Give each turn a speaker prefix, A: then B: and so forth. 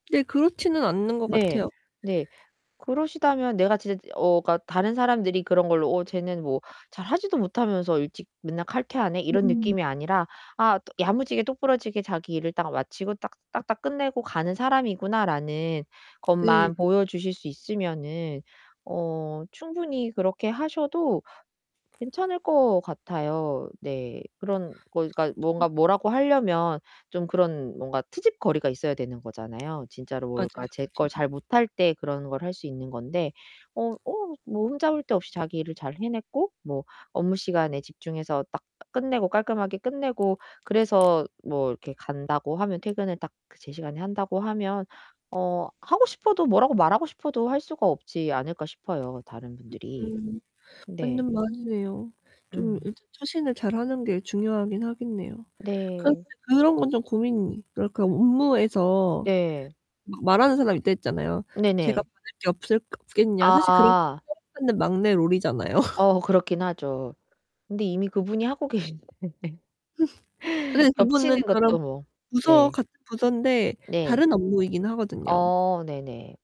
A: 네, 그렇지는 않은 것
B: 네.
A: 같아요.
B: 네. 그러시다면 내가 진짜 어 그러니까 다른 사람들이 그런 걸로 '어 쟤는 뭐 잘 하지도 못하면서 일찍 맨날 칼퇴하네.' 이런
A: 음.
B: 느낌이 아니라 '아 야무지게 똑 부러지게 자기 일을 딱 마치고 딱 딱 딱 끝내고 가는 사람이구나.'라는
A: 네.
B: 것만 보여주실 수 있으면은 어 충분히 그렇게 하셔도 괜찮을 것 같아요. 네. 그런 그러니까
A: [unintelligible]
B: 뭔가 뭐라고 하려면 좀 그런 뭔가 트집거리가 있어야 되는 거잖아요. 진짜로 뭘 그러니까
A: 맞아요,
B: 제 걸
A: 맞아요.
B: 잘 못할 때 그런 걸 할 수 있는 건데 어 어 뭐 흠잡을 데 없이 자기 일을 잘 해냈고 뭐 업무 시간에 집중해서 딱 끝내고 깔끔하게 끝내고 그래서 뭐 이렇게 간다고 하면 퇴근을 딱 그 제시간에 한다고 하면 어 하고 싶어도 뭐라고 말하고 싶어도 할 수가 없지 않을까 싶어요, 다른 분들이.
A: 음,
B: 네.
A: 맞는 말이네요. 좀
B: 음.
A: 이렇게 처신을 잘 하는 게 중요하긴 하겠네요. 그런데
B: 네.
A: 그런 건 좀 고민이 그러니까 업무에서
B: 네.
A: 막 말하는 사람이 있다고 했잖아요. 제가
B: 네네.
A: 받을 게 없을 없겠냐 사실 그런 게
B: 아.
A: 사랑받는 막내 롤이잖아요.
B: 어 그렇긴 하죠. 근데 이미 그분이 하고 계신데
A: 아 그런데
B: 겹치는
A: 그분은 저랑
B: 것도 뭐
A: 부서
B: 네.
A: 같은 부서인데
B: 네.
A: 다른 업무이긴 하거든요.
B: 어 네네.